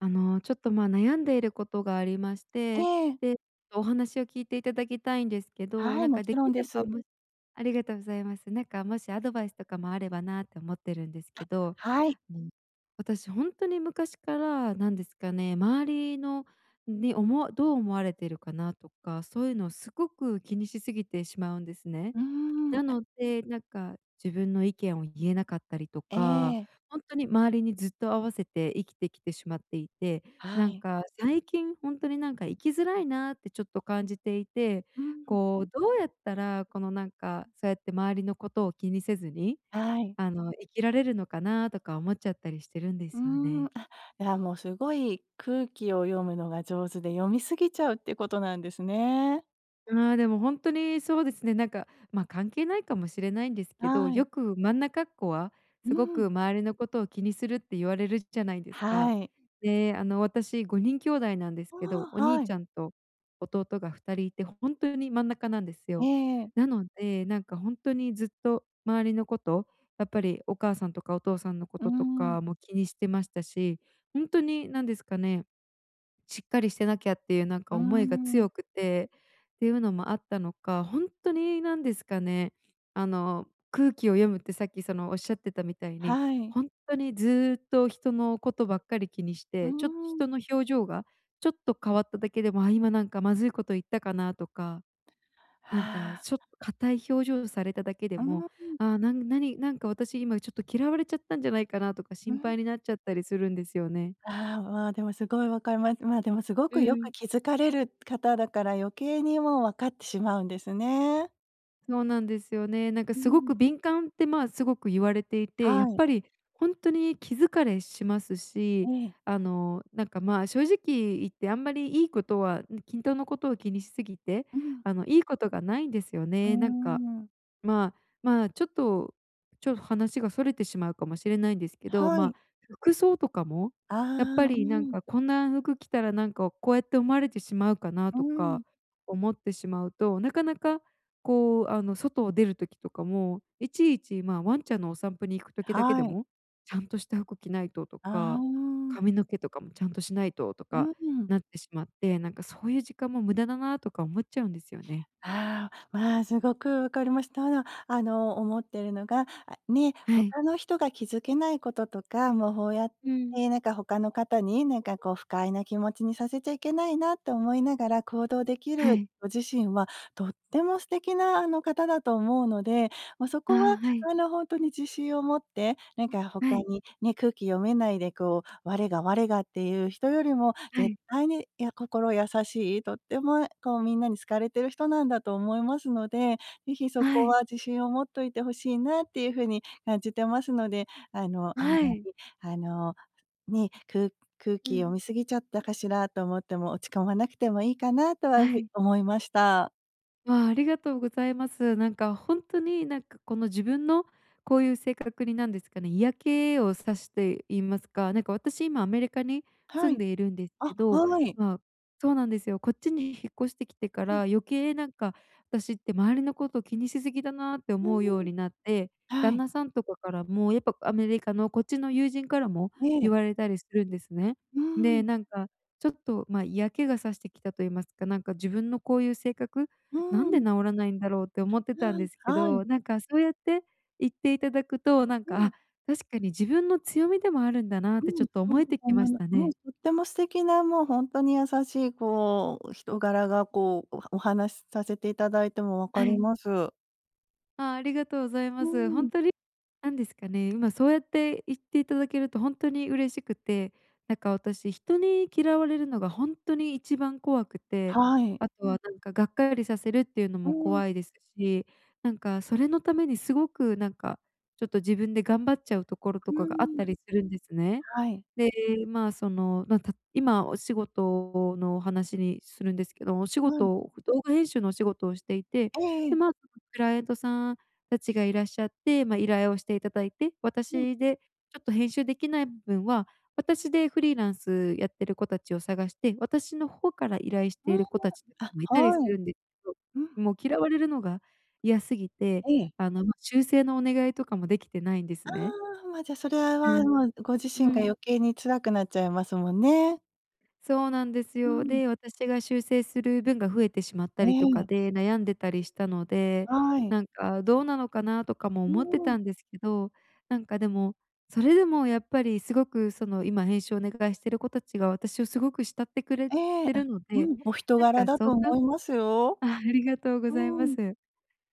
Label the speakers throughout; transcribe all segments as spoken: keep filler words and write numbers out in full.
Speaker 1: あのちょっとまあ悩んでいることがありまして、
Speaker 2: ええ。
Speaker 1: で、お話を聞いていただきたいんですけど、
Speaker 2: はい、
Speaker 1: なん
Speaker 2: も
Speaker 1: か
Speaker 2: ち
Speaker 1: で
Speaker 2: ろ
Speaker 1: き
Speaker 2: んで
Speaker 1: れば、
Speaker 2: す。
Speaker 1: むありがとうございます。なんかもしアドバイスとかもあればなて思ってるんです
Speaker 2: あ、
Speaker 1: けど、
Speaker 2: はい。
Speaker 1: うん。私ほんとに昔からなんですかね、周りの、ね、おもどう思われているかなとか、そういうのをすごく気にしすぎてしまうんですね。
Speaker 2: うん、
Speaker 1: な
Speaker 2: あ
Speaker 1: ので、なんか、自分の意見を言えなかったりと
Speaker 2: え
Speaker 1: か、
Speaker 2: え。
Speaker 1: ほんとに周りにずっと合わせて生きてきてしまっていて、な
Speaker 2: は
Speaker 1: ん
Speaker 2: い。
Speaker 1: か、最近ほんとになんか生きづらいなってちょっと感じていて、
Speaker 2: うん。
Speaker 1: こうどうやったら、このなんか、そうやって周りのことを気にせずに、
Speaker 2: はい。
Speaker 1: あの生きられるのかなとか思っちゃったりしてるんで
Speaker 2: うー
Speaker 1: すよ
Speaker 2: ん。
Speaker 1: ね。
Speaker 2: あ、いやもうすごい空気を読むのが上手で読み過ぎちゃうっていうことなんですね。
Speaker 1: ああ、でも本当にそうですね。なんかまあ、関係ないかもしれないんですけど、
Speaker 2: は
Speaker 1: よ
Speaker 2: い。
Speaker 1: く真ん中っこは
Speaker 2: う
Speaker 1: すご
Speaker 2: ん。
Speaker 1: く周りのことを気にするって言われるじゃないですか。
Speaker 2: はい。
Speaker 1: であの私ごにん兄弟なんです
Speaker 2: あ
Speaker 1: けど、お
Speaker 2: あ、
Speaker 1: 兄
Speaker 2: は
Speaker 1: ち
Speaker 2: い。
Speaker 1: ゃんと弟がふたりいて本当に真ん中なんです
Speaker 2: え
Speaker 1: よ。
Speaker 2: え。
Speaker 1: なので、なんか本当にずっと周りのこと、やっぱりお母さんとかお父さんのこ
Speaker 2: う
Speaker 1: とと
Speaker 2: ん。
Speaker 1: かも気にしてましたし、ほんとになんですかね。しっかりしてなきゃっていうなん
Speaker 2: う
Speaker 1: か思いが
Speaker 2: ん。
Speaker 1: 強くて、っていうのもあったのか、ほんとになんですかね、あの空気を読むってさっきそのおっしゃってたみたいに、
Speaker 2: はい。
Speaker 1: ほんとにずっと人のことばっかり気にし
Speaker 2: う
Speaker 1: て、ちょっと
Speaker 2: ん。
Speaker 1: 人の表情がちょっと変わっただけでも、あ今なんかまずいこと言ったかなとか。
Speaker 2: あ
Speaker 1: なんか
Speaker 2: あ。
Speaker 1: ちょっと硬い表情をされただけで
Speaker 2: う
Speaker 1: も、
Speaker 2: ん。
Speaker 1: ああ、なん、何、なんか私今ちょっと嫌われちゃったんじゃないかなとか
Speaker 2: う
Speaker 1: 心
Speaker 2: ん。
Speaker 1: 配になっちゃったりするんですよね。
Speaker 2: ああ、わあ、でもすごいわかります。まあでもすご
Speaker 1: う
Speaker 2: くよく
Speaker 1: ん。
Speaker 2: 気づかれる方だから余計にもう、わかってしまうんですね。
Speaker 1: そうなんですよね。なんか
Speaker 2: うんう
Speaker 1: すご
Speaker 2: んうん。
Speaker 1: く敏感って、まあ、すごく言われていて、や
Speaker 2: は
Speaker 1: っ
Speaker 2: い。
Speaker 1: ぱりほんとに気疲れします
Speaker 2: え
Speaker 1: し、
Speaker 2: え。
Speaker 1: あの、なんか、まあ、正直言ってあんまりいいことは、ん均等のことを気にしすぎて、
Speaker 2: うん。
Speaker 1: あの、いいことがないんですよ
Speaker 2: うー
Speaker 1: ね。なんか。
Speaker 2: ん。
Speaker 1: まあ、まあ、ちょっと、ちょっ話が逸れてしまうかもしれないんですけど、
Speaker 2: は
Speaker 1: ま
Speaker 2: い。
Speaker 1: あ、服装とかもやっぱ
Speaker 2: ああ、う
Speaker 1: りなん
Speaker 2: ん。
Speaker 1: か、こんな服着たらなんか、こうやって思われてしまうかな
Speaker 2: う
Speaker 1: とか
Speaker 2: ん。
Speaker 1: 思ってしまうと、なかなか、こう、あの、外を出る時とかも、いちいち、まあ、ワンちゃんのお散歩に行く時だけで
Speaker 2: はい。
Speaker 1: も、ちゃんとした服着ないとと
Speaker 2: あ
Speaker 1: か、
Speaker 2: あ。
Speaker 1: 髪の毛とかもちゃんとしないとと
Speaker 2: う
Speaker 1: か
Speaker 2: ん。
Speaker 1: なってしまって、なんかそういう時間も無駄だなとか思っちゃうんですよね。
Speaker 2: ああ、まあ、すごくわかりましただ。あの、思っているのが、あね、
Speaker 1: は
Speaker 2: ほ
Speaker 1: い。
Speaker 2: かの人が気づけないこととか、もう、ほうやっ
Speaker 1: うん。
Speaker 2: てなんか、ほかの方になんかこう、不快な気持ちにさせちゃいけないなと思いながら行動でき
Speaker 1: は
Speaker 2: る
Speaker 1: い。
Speaker 2: ご自身は、とっても素敵な、あの、方だと思うので、ま、そ
Speaker 1: ああ、
Speaker 2: こは、
Speaker 1: はい。
Speaker 2: あの、ほんとに自信を持って、なんかほ
Speaker 1: は
Speaker 2: か
Speaker 1: い。
Speaker 2: にね、空気読めないでこう、我が我がっていう人よりも
Speaker 1: は
Speaker 2: 絶
Speaker 1: い。
Speaker 2: 対に、いや心優しい、とってもこう、みんなに好かれてる人なんだと思いますので、ぜひそ
Speaker 1: は
Speaker 2: こ
Speaker 1: い。
Speaker 2: は自信を持っといて欲しいなっていうふうに感じてますので、あの、あん
Speaker 1: は
Speaker 2: ま
Speaker 1: い。
Speaker 2: り、あの、ね、く空
Speaker 1: う
Speaker 2: 気
Speaker 1: ん。
Speaker 2: 読み過ぎちゃったかしらと思っても落ち込まなくてもいいかなとはふ
Speaker 1: は
Speaker 2: い
Speaker 1: い。
Speaker 2: 思いました。
Speaker 1: わあ、ありがとうございます。なんかほんとに、なんかこの自分のこういう性格に、なんですかね、嫌気を差して言いますか、なんか私今アメリカに
Speaker 2: は
Speaker 1: 住
Speaker 2: い。
Speaker 1: んでいるんです
Speaker 2: あ、
Speaker 1: けど、
Speaker 2: はい。
Speaker 1: まそうなんですよ。こっちに引っ越してきてか
Speaker 2: う
Speaker 1: ら、
Speaker 2: ん。
Speaker 1: 余計なんか、私って周りのこと気にし過ぎだなって
Speaker 2: う
Speaker 1: 思うよう
Speaker 2: ーん。
Speaker 1: になって、
Speaker 2: は
Speaker 1: 旦
Speaker 2: い。
Speaker 1: 那さんとかからも、やっぱアメリカのこっちの友人からも、
Speaker 2: え
Speaker 1: 言
Speaker 2: え。
Speaker 1: われたりするんですね。
Speaker 2: うー
Speaker 1: で、
Speaker 2: ん。
Speaker 1: なんかちょっと、ま、嫌気が差してきたと言いますか、なんか自分のこういう性格
Speaker 2: う
Speaker 1: 「な
Speaker 2: ー
Speaker 1: んで
Speaker 2: ん。
Speaker 1: 直らないんだろう？」って思って
Speaker 2: な
Speaker 1: たんです
Speaker 2: あ、
Speaker 1: け
Speaker 2: はい。
Speaker 1: ど、なんかそうやって言っていただくと、なん
Speaker 2: う
Speaker 1: か、あ、
Speaker 2: ん。
Speaker 1: 確かに自分の強みでもあるんだなって
Speaker 2: う
Speaker 1: ちょ
Speaker 2: ん。
Speaker 1: っと
Speaker 2: [unintelligible] そう
Speaker 1: 思えてき
Speaker 2: 思
Speaker 1: ま
Speaker 2: い
Speaker 1: し
Speaker 2: ま
Speaker 1: た
Speaker 2: はい、
Speaker 1: ね。
Speaker 2: とっても素敵なもう、ほんとに優しいこう、人柄がこう、おはお話させていただいても分か
Speaker 1: は
Speaker 2: り
Speaker 1: い。
Speaker 2: ます。
Speaker 1: ああ、ありがとうござい
Speaker 2: う
Speaker 1: ます。
Speaker 2: ー
Speaker 1: ほん
Speaker 2: ん。
Speaker 1: とに、なんですかね、今そうやって言っていただけると、ほんとに嬉しくて、なんか私、人に嫌われるのがほんとに一番怖くて、
Speaker 2: はい。
Speaker 1: あとは、なんかがっかりさせるっていうの
Speaker 2: う
Speaker 1: も
Speaker 2: ーん。
Speaker 1: 怖いですし、なんかそれのために、すごくなんか、ちょっと自分で頑張っちゃうところ
Speaker 2: う
Speaker 1: とか
Speaker 2: ー
Speaker 1: があっ
Speaker 2: ん。
Speaker 1: たりするんですね。
Speaker 2: はい。
Speaker 1: で、まあ、その、まあ、た今お仕事の話にするんですけど、お仕
Speaker 2: はい。
Speaker 1: 事、動画編集のお仕事をしていて、
Speaker 2: えええ
Speaker 1: で、
Speaker 2: え。
Speaker 1: ま、クライアントさん達がいらっしゃって、ま、依頼をしていただいて、
Speaker 2: うん。
Speaker 1: 私でちょっと編集できない部分は、私でフリーランスやってる子たちを探して、私の方から依頼し
Speaker 2: う
Speaker 1: てい
Speaker 2: ーん。
Speaker 1: る子達も居
Speaker 2: あ、
Speaker 1: たりす
Speaker 2: は
Speaker 1: る
Speaker 2: い。
Speaker 1: んですけ
Speaker 2: うん。
Speaker 1: ど、もう嫌われるのが嫌すぎて、
Speaker 2: ええ。
Speaker 1: あの、修正のお願いとかも出来てないんです
Speaker 2: あ
Speaker 1: ね。
Speaker 2: あ、ま、じゃあそれは、
Speaker 1: う
Speaker 2: は、
Speaker 1: ん、
Speaker 2: もうご自
Speaker 1: う
Speaker 2: 身が
Speaker 1: ん。
Speaker 2: 余計に辛くなっちゃいますもんね。
Speaker 1: そうなんです
Speaker 2: う
Speaker 1: よ。
Speaker 2: ん。
Speaker 1: で、私が修正する分が増えてしまった
Speaker 2: え
Speaker 1: りとか
Speaker 2: え。
Speaker 1: で悩んでたりしたので、
Speaker 2: はい。
Speaker 1: なんかどうなのかなとかも
Speaker 2: う
Speaker 1: 思って
Speaker 2: ーん。
Speaker 1: たんですけど、なんかでも、それでもやっぱりすごくその今編集をお願いしている子達が私をすごく慕ってくれ
Speaker 2: ええ、
Speaker 1: て
Speaker 2: あ、
Speaker 1: るの
Speaker 2: う
Speaker 1: で、
Speaker 2: ん。お人
Speaker 1: な
Speaker 2: 柄
Speaker 1: んか
Speaker 2: だ
Speaker 1: そ
Speaker 2: と
Speaker 1: んな
Speaker 2: 思いますよ。
Speaker 1: あ、ありがとうご
Speaker 2: う
Speaker 1: ざいま
Speaker 2: ーん。
Speaker 1: す。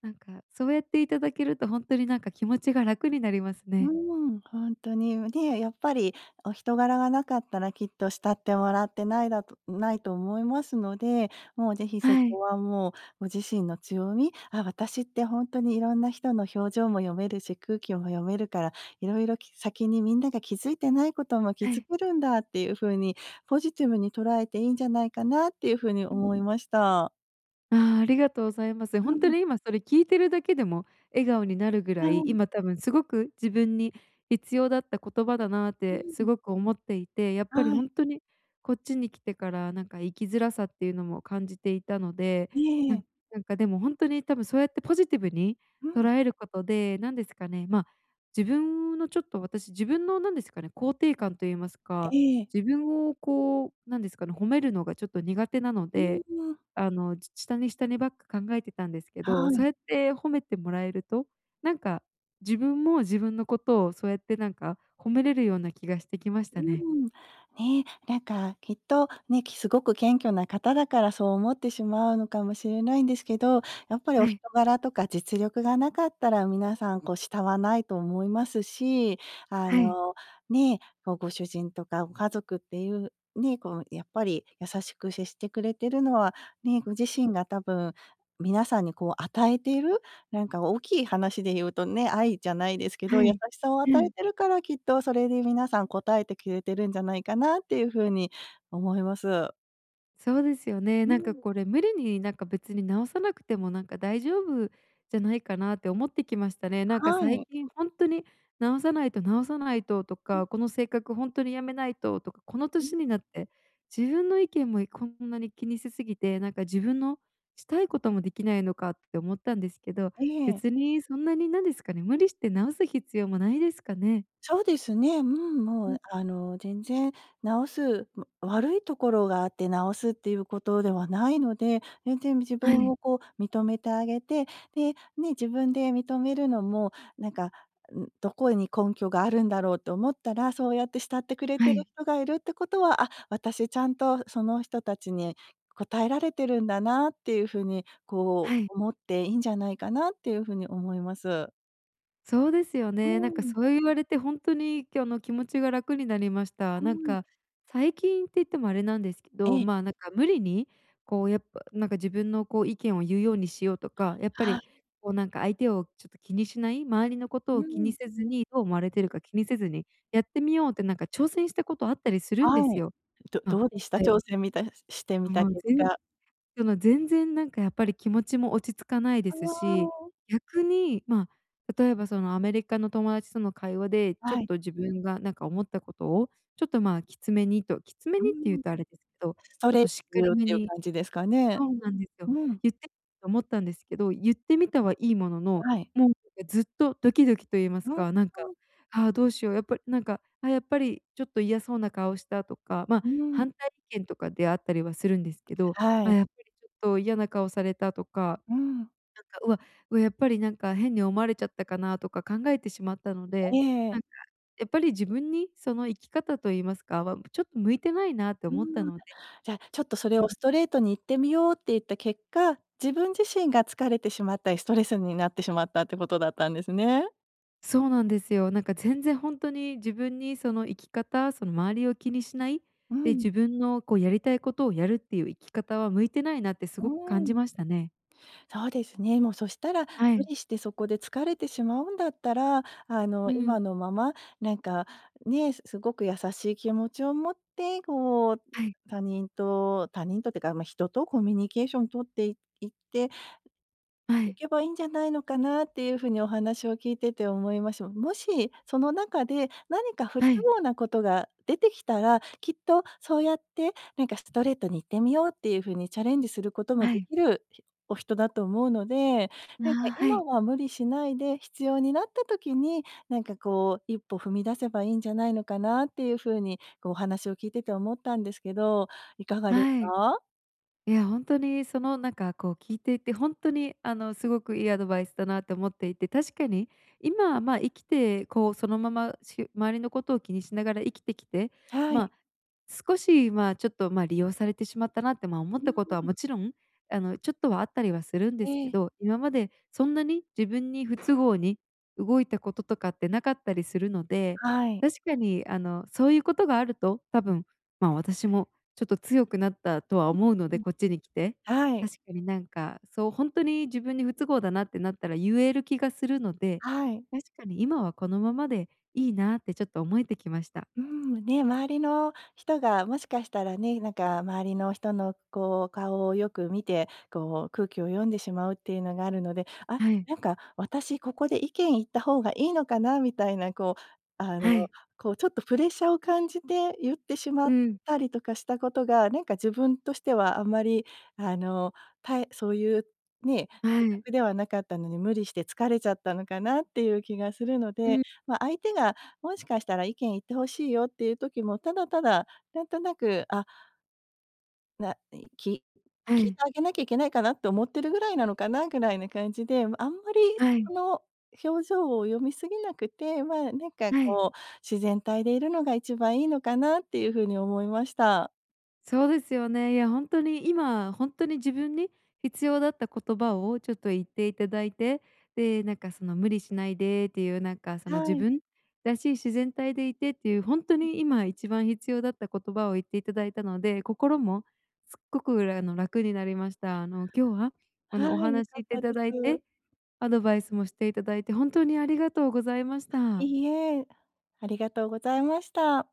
Speaker 1: なんかそうやっていただけると本当になんか気持ちが楽になります
Speaker 2: うー
Speaker 1: ね。
Speaker 2: ん。ほんとにも、で、やっぱりお人柄がなかったらきっと慕ってもらってないだとないと思いますので、もうぜひそ
Speaker 1: はい。
Speaker 2: こはもうご自身の強み、あ私って本当にいろんな人の表情も読めるし、空気も読めるから、色々、き先にみんなが気づいてないことも気
Speaker 1: は
Speaker 2: づ
Speaker 1: い。
Speaker 2: けるんだっていうふうにポジティブに捉えていいんじゃないかなっていうふうに
Speaker 1: うん。
Speaker 2: 思いました。
Speaker 1: ああ、ありがとうございます。
Speaker 2: う
Speaker 1: 本当
Speaker 2: ん。
Speaker 1: に今それ聞いてるだけでも笑顔になるぐ
Speaker 2: は
Speaker 1: らい、
Speaker 2: い。
Speaker 1: 今多分すごく自分に必要だった言葉だなっ
Speaker 2: う
Speaker 1: て
Speaker 2: ー
Speaker 1: す
Speaker 2: ん。
Speaker 1: ごく思っていて、やっぱり
Speaker 2: はい。
Speaker 1: 本当にこっちに来てからなんか生きづらさっていうのも感じていたので、
Speaker 2: いえい
Speaker 1: な
Speaker 2: え。
Speaker 1: なんかでも本当に多分そうやってポジティブに
Speaker 2: う
Speaker 1: 捉
Speaker 2: ん。
Speaker 1: えることでなんですかね、ま、自分のちょっと、私自分のなんですかね、肯定感と言いますか、
Speaker 2: ええ。
Speaker 1: 自分をこうなんですかね、褒めるのがちょっと苦手なの
Speaker 2: う
Speaker 1: で、
Speaker 2: ーん、わ。
Speaker 1: あの、ち下に下にばっか考えてたんですけ
Speaker 2: は
Speaker 1: ど、そ
Speaker 2: い。
Speaker 1: うやって褒めてもらえると、なんか自分も自分のことをそうやってなんか褒めれるような気がしてきまし
Speaker 2: う
Speaker 1: たね。
Speaker 2: ん。ね、なんかきっとね、きすごく謙虚な方だからそう思ってしまうのかもしれないんですけど、やっぱり
Speaker 1: は
Speaker 2: お人
Speaker 1: い。
Speaker 2: 柄とか実力がなかったら皆さん、こう、慕わないと思いますし。あ
Speaker 1: はい。
Speaker 2: のね、ま、ご主人とかご家族っていう、ね、こうやっぱり、優しく接してくれてるのは、ね、ご自身が多分、皆さんにこう与えている、なんか大きい話で言うとね、愛じゃないですけど、
Speaker 1: は
Speaker 2: 優
Speaker 1: い、
Speaker 2: しさを与
Speaker 1: う
Speaker 2: え
Speaker 1: ん。
Speaker 2: てるから、きっとそれに皆さん応えてくれてるんじゃないかなっていう風に思います。
Speaker 1: そうですよね。
Speaker 2: う
Speaker 1: なんか
Speaker 2: ん。
Speaker 1: これ、無理に、なんか、別に直さなくても、なんか、大丈夫じゃないかなって思ってきましたね。なんか、
Speaker 2: は
Speaker 1: 最
Speaker 2: い。
Speaker 1: 近ほんとに直さないと、直さないとと
Speaker 2: うん。
Speaker 1: か、この性格ほんとに辞めないととか、この
Speaker 2: うん、
Speaker 1: 年に
Speaker 2: ん。
Speaker 1: なって自分の意見もいこんなに気にしすぎて、なんか、自分のしたいこともできないのかって思ったんですけど、
Speaker 2: ええ。
Speaker 1: 別にそんなに、なんですかね、無理して直す必要もないですかね？
Speaker 2: そうですね。うん、も
Speaker 1: うん。
Speaker 2: う、あの、全然直すま、悪いところがあって直すっていうことではないので、全然自
Speaker 1: は
Speaker 2: 分
Speaker 1: い。
Speaker 2: をこう認めてあげて、で、ね、自分で認めるのも、なんか、んどこに根拠があるんだろうって思ったら、そうやって慕ってくれて
Speaker 1: は
Speaker 2: いる
Speaker 1: い。
Speaker 2: 人がいるってことは、あ、私ちゃんと、その人たちに応えられてるんだなっていうふうに、こ
Speaker 1: はい。
Speaker 2: う、思っていんじゃないかなっていうふうに思います。
Speaker 1: そうですよ
Speaker 2: う
Speaker 1: ね。なんか、
Speaker 2: ーん。
Speaker 1: そう言われて、ほんとに、今日の気持ちが楽になりました。
Speaker 2: は
Speaker 1: なん
Speaker 2: い。
Speaker 1: か、最近って言ってもあれなんですけ
Speaker 2: え
Speaker 1: ど、
Speaker 2: え。
Speaker 1: まあ、なんか無理に、こう、やっぱ、なんか自分の、こう、意見を言うようにしようとか、やっぱ
Speaker 2: は
Speaker 1: り、
Speaker 2: い。
Speaker 1: こう、なんか相手を、ちょっと気にしない、周りのこ
Speaker 2: う-
Speaker 1: とを気に
Speaker 2: ん。
Speaker 1: せずに、どう思われているか、気にせずにやってみようって、なんか挑戦したことあったりするんで
Speaker 2: は
Speaker 1: す
Speaker 2: い、
Speaker 1: よ。
Speaker 2: ど
Speaker 1: まあ
Speaker 2: どうでした？
Speaker 1: はい。
Speaker 2: 挑戦みたしてみた
Speaker 1: もう、
Speaker 2: 結
Speaker 1: ぜん
Speaker 2: 果。
Speaker 1: この全然、なんか、やっぱり気持ちも落ち着かないで
Speaker 2: あ
Speaker 1: すし、
Speaker 2: あ。
Speaker 1: 逆に、まあ、例えば、そのアメリカの友達との会話で、ちょっ
Speaker 2: はい。
Speaker 1: と自分がなんか思ったことを、ちょっと、まあ、きつめにときつめ
Speaker 2: う
Speaker 1: にって言う
Speaker 2: ーん。
Speaker 1: とあれですけど、
Speaker 2: そ
Speaker 1: ちょっ
Speaker 2: れっ
Speaker 1: と
Speaker 2: て
Speaker 1: しっか り
Speaker 2: っ
Speaker 1: 目
Speaker 2: ていう
Speaker 1: に
Speaker 2: 感じですかね？
Speaker 1: そうなんですよ。
Speaker 2: うん。
Speaker 1: 言ってと思ったんですけど、言ってみたはいいものの
Speaker 2: はい。
Speaker 1: も、んだかずっとドキドキと言いま す
Speaker 2: は
Speaker 1: か、なんか、
Speaker 2: ん。
Speaker 1: ああ、どうしよう、やっぱりなんか、あ、やっぱり、ちょっと嫌そうな顔したとか、まあ、
Speaker 2: うーん。
Speaker 1: 反対意見とかであったりはするんですけど、
Speaker 2: は
Speaker 1: あ、
Speaker 2: い。
Speaker 1: やっぱり、ちょっと、嫌な顔されたとか、
Speaker 2: うーん。
Speaker 1: なんか、うわうわ、やっぱり、なんか、変に思われちゃったかな。とか考えてしまったの
Speaker 2: え
Speaker 1: で、な
Speaker 2: え。
Speaker 1: んか、やっぱり、自分にその生き方と言いますか、わん、ちょっと、向いてないなと
Speaker 2: うー
Speaker 1: 思った
Speaker 2: ん。
Speaker 1: ので。
Speaker 2: じゃあ、ちょっとそれ
Speaker 1: う
Speaker 2: を
Speaker 1: ん。
Speaker 2: ストレートに言ってみようって言った結果、自分自身が疲れてしまったり、ストレスになってしまったっていうことだったんですね。
Speaker 1: そうなんですよ。なんか全然ほんとに自分にその生き方、その、周りを気にしない
Speaker 2: う
Speaker 1: で、
Speaker 2: ん。
Speaker 1: 自分のこうやりたいことをやるっていう生き方は、向いてないなってす
Speaker 2: う
Speaker 1: ごく感
Speaker 2: ーん。
Speaker 1: じましたね。
Speaker 2: そうですね。もうそしたら、
Speaker 1: は
Speaker 2: 無
Speaker 1: い。
Speaker 2: 理してそこで疲れてしまうんだったら、あの、
Speaker 1: う
Speaker 2: 今
Speaker 1: ん。
Speaker 2: のまま、なんか、ね、すごく優しい気持ちを持って、こう、
Speaker 1: はい。
Speaker 2: 他人と他人とってか、ま、人とコミュニケーション取っていって、
Speaker 1: は
Speaker 2: い
Speaker 1: い。
Speaker 2: けばいいんじゃないのかなっていう風にお話を聞いてて思います。もし、その中で何か不都
Speaker 1: はい。
Speaker 2: 合なことが出てきたら、きっとそうやってなんか、ストレートに言ってみようっていう風に、チャレンジすることも
Speaker 1: は
Speaker 2: で
Speaker 1: い。
Speaker 2: きるお人だと思うので、
Speaker 1: あ
Speaker 2: なんか
Speaker 1: あ、は
Speaker 2: 今
Speaker 1: い。
Speaker 2: は無理しないで必要になった時に、なんかこう、一歩踏み出せばいいんじゃないのかなっていう風に、こうお話を聞いてて思ったんですけど、いかがです
Speaker 1: はい。
Speaker 2: か？
Speaker 1: いや、ほんとにそのなんか、こう聞いていてほんとに、あの、すごくいいアドバイスだなと思っていて、確かに今は、ま、生きてこうそのままし周りのことを気にしながら生きてきて、
Speaker 2: はい。
Speaker 1: ま、少し、ま、ちょっと、ま、利用されてしまったなって、ま、思っ
Speaker 2: うー
Speaker 1: たことは
Speaker 2: ん。
Speaker 1: もちろん、あの、ちょっとはあったりはするんで
Speaker 2: え
Speaker 1: すけ
Speaker 2: え。
Speaker 1: ど、今までそんなに自分に不都合に動いたこととかってなかったりするので、
Speaker 2: はい。
Speaker 1: 確かに、あの、そういうことがあると多分、ま、私もちょっと強くなったと
Speaker 2: あ、
Speaker 1: は思うの
Speaker 2: う
Speaker 1: で
Speaker 2: ん、
Speaker 1: こっちに来て、
Speaker 2: はい。
Speaker 1: 確かになんか、そう、ほんとに自分に不都合だなってなったら言える気がするので、
Speaker 2: はい。
Speaker 1: 確かに今はこのままでいいなってちょっと思えてきました。
Speaker 2: うん、ね、周りの人がもしかしたらね、なんか周りの人のこう顔をよく見て、こう空気を読んでしまうっていうのがあるので、あ、
Speaker 1: はい。
Speaker 2: なんか私ここで意見言った方がいいのかなみたいなこう、あの、
Speaker 1: はい。
Speaker 2: こうちょっとプレッシャーを感じて言ってしまっ
Speaker 1: うん。
Speaker 2: たりとかしたことが、なんか自分としてはあんまり、あの、たいそういうね、
Speaker 1: は
Speaker 2: 性
Speaker 1: い。
Speaker 2: 格ではなかったのに無理して疲れちゃったのかなっていう気がするの
Speaker 1: う
Speaker 2: で、
Speaker 1: ん。
Speaker 2: ま、相手がもしかしたら意見言って欲しいよっていう時も、ただただなんとなく、あないき
Speaker 1: は
Speaker 2: 聞いて
Speaker 1: い。
Speaker 2: あげなきゃいけないかなと思ってるぐらいなのかな？ぐらいな感じで、あんまり
Speaker 1: はい。
Speaker 2: その表情を読みすぎなくて、まあ、なんか
Speaker 1: はい。
Speaker 2: こう、自然体でいるのが一番いいのかなっていう風に思いました。
Speaker 1: そうですよね。いやほんとに、今ほんとに自分に必要だった言葉をちょっと言っていただいて、で、なんかその無理しないでっていう、なんかその、
Speaker 2: は
Speaker 1: 自
Speaker 2: い。
Speaker 1: 分らしい自然体でいてっていう、ほんと
Speaker 2: うん。
Speaker 1: に今一番必要だった言葉を言っていただいたので、心もすごく、うらあの、楽になりまし
Speaker 2: あ。
Speaker 1: た。あの、今日はあ
Speaker 2: は
Speaker 1: の、お
Speaker 2: い、良
Speaker 1: 話してい
Speaker 2: かで
Speaker 1: ただい
Speaker 2: す。
Speaker 1: て、アドバイスもしていただいて、本当にありがとうございました。
Speaker 2: いいえ、ありがとうございました。